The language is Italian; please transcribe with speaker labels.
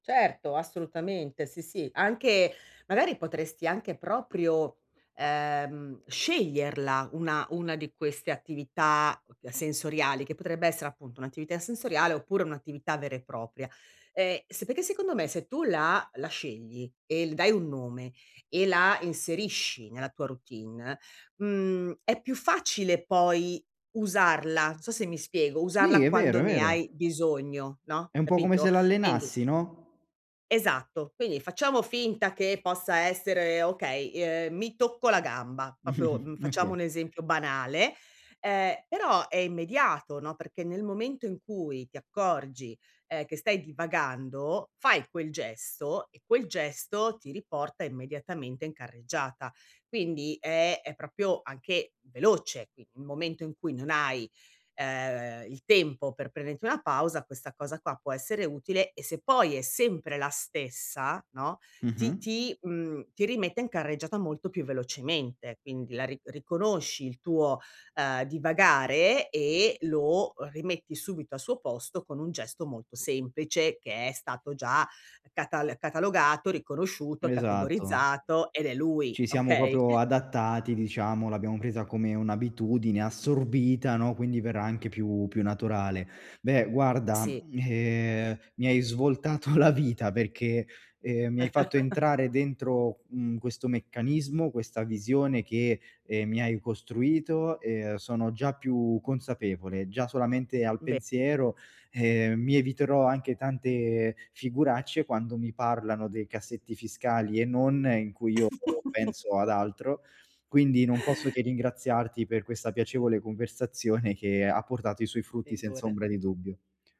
Speaker 1: Certo, assolutamente sì, sì. Anche magari potresti anche proprio, ehm, sceglierla una una di queste attività [unintelligible] sensoriali che potrebbe essere appunto un'attività sensoriale oppure un'attività vera e propria. Ehm, sapete secondo me se tu la la scegli e le dai un nome e la inserisci nella tua routine mhmm è più facile poi usarla, non so se mi spiego,
Speaker 2: Sì
Speaker 1: usarla
Speaker 2: è vero,
Speaker 1: quando
Speaker 2: è
Speaker 1: ne
Speaker 2: vero.
Speaker 1: hai bisogno, no,
Speaker 2: È un po' come se
Speaker 1: capito? Quindi
Speaker 2: l'allenassi, no?
Speaker 1: Esatto. Quindi facciamo finta che possa essere, okay, i uhm mi tocco la gamba, proprio, mhmm, facciamo
Speaker 2: Okay.
Speaker 1: un esempio banale, ehm, però è immediato, no, perché nel momento in cui ti accorgi, ehm, che stai divagando fai quel gesto e quel gesto ti riporta immediatamente in carreggiata. Quindi è è proprio anche veloce, qui il momento in cui non hai, ehm, il tempo per prenderti una pausa questa cosa qua può essere utile e se poi è sempre la stessa, no, ti
Speaker 2: Mh-mh.
Speaker 1: ti mhmm ti rimette in carreggiata molto più velocemente, quindi la ri riconosci il tuo, uhm, divagare e lo rimetti subito al suo posto con un gesto molto semplice che è stato già catal catalogato, riconosciuto,
Speaker 2: Esatto.
Speaker 1: categorizzato ed è lui,
Speaker 2: Ci siamo
Speaker 1: okay?
Speaker 2: proprio adattati, diciamo, l'abbiamo presa come un'abitudine assorbita, no, quindi verrà anche più più naturale. Beh, guarda,
Speaker 1: Sì.
Speaker 2: ehm, mi hai svoltato la vita, perché, ehm, mi hai fatto entrare dentro, mhmm, questo meccanismo, questa visione che, ehm, mi hai costruito e sono già più consapevole. Già solamente al
Speaker 1: Be
Speaker 2: pensiero. Ehm, mi eviterò anche tante figuracce quando mi parlano dei cassetti fiscali e non in cui io penso ad altro. Quindi non posso che ringraziarti per questa piacevole conversazione che ha portato i suoi frutti senza ombra di
Speaker 1: Figurati.
Speaker 2: dubbio.